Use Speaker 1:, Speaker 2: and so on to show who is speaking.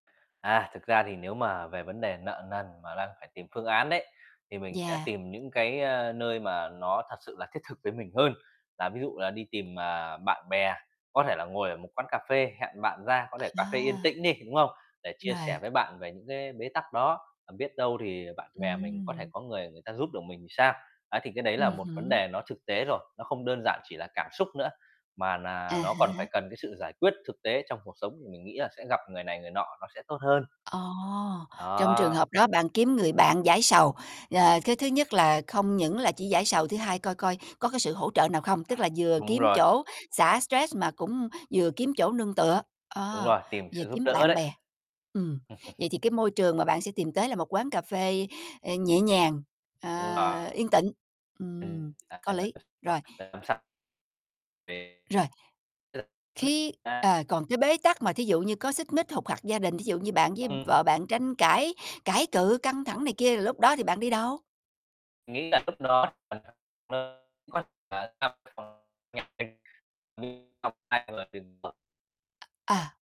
Speaker 1: À, thực ra thì nếu mà về vấn đề nợ nần mà đang phải tìm phương án đấy, thì mình sẽ
Speaker 2: Yeah.
Speaker 1: tìm những cái, a, nơi mà nó thật sự là thiết thực với mình hơn. Là ví dụ là đi tìm, à, bạn bè, có thể là ngồi ở một quán cà phê, hẹn bạn ra, có thể cà phê yên
Speaker 2: À.
Speaker 1: tĩnh đi, đúng không? Để chia sẻ
Speaker 2: Rồi.
Speaker 1: với bạn về những cái bế tắc đó, à, biết đâu thì bạn bè mình có thể
Speaker 2: Ừm.
Speaker 1: có người người ta giúp được mình thì sao? Á, thì cái đấy là
Speaker 2: Ừm
Speaker 1: một vấn
Speaker 2: hứm.
Speaker 1: đề nó thực tế rồi, nó không đơn giản chỉ là cảm xúc nữa, mà
Speaker 2: À
Speaker 1: nà ló còn phải
Speaker 2: há.
Speaker 1: cần cái sự giải quyết thực tế trong cuộc sống thì mình nghĩ là sẽ gặp người này người nọ, nó sẽ tốt hơn.
Speaker 2: Ồ, trong trường
Speaker 1: Đó.
Speaker 2: hợp đó bạn kiếm người bạn giải sầu, ờ, cái thứ nhất là không những là chỉ giải sầu, thứ hai coi coi có cái sự hỗ trợ nào không, tức là vừa
Speaker 1: Đúng
Speaker 2: kiếm
Speaker 1: rồi.
Speaker 2: chỗ xả stress mà cũng vừa kiếm chỗ nương tựa,
Speaker 1: Đúng
Speaker 2: ơ,
Speaker 1: rồi, tìm
Speaker 2: vừa
Speaker 1: sự giúp
Speaker 2: kiếm
Speaker 1: đỡ
Speaker 2: bạn
Speaker 1: đấy.
Speaker 2: bè. Ừm, vậy thì cái môi trường mà bạn sẽ tìm tới là một quán cà phê, ờ, nhẹ nhàng, ờ,
Speaker 1: Đúng rồi.
Speaker 2: yên tịnh, ừm, có lý, rồi.
Speaker 1: [unintelligible] Về
Speaker 2: Rồi. Khi
Speaker 1: [unintelligible]
Speaker 2: ờ, còn cái bế tắc mà thí dụ như có xích mích, hục hặc gia đình, thí dụ như bạn với
Speaker 1: Ừm.
Speaker 2: vợ bạn tranh cãi, cãi cự căng thẳng này kia thì lúc đó thì bạn đi đâu?
Speaker 1: Nghĩ là lúc đó [unintelligible] tham [unintelligible] nhiệt tình [unintelligible] ai mà đừng. [unintelligible]
Speaker 2: À.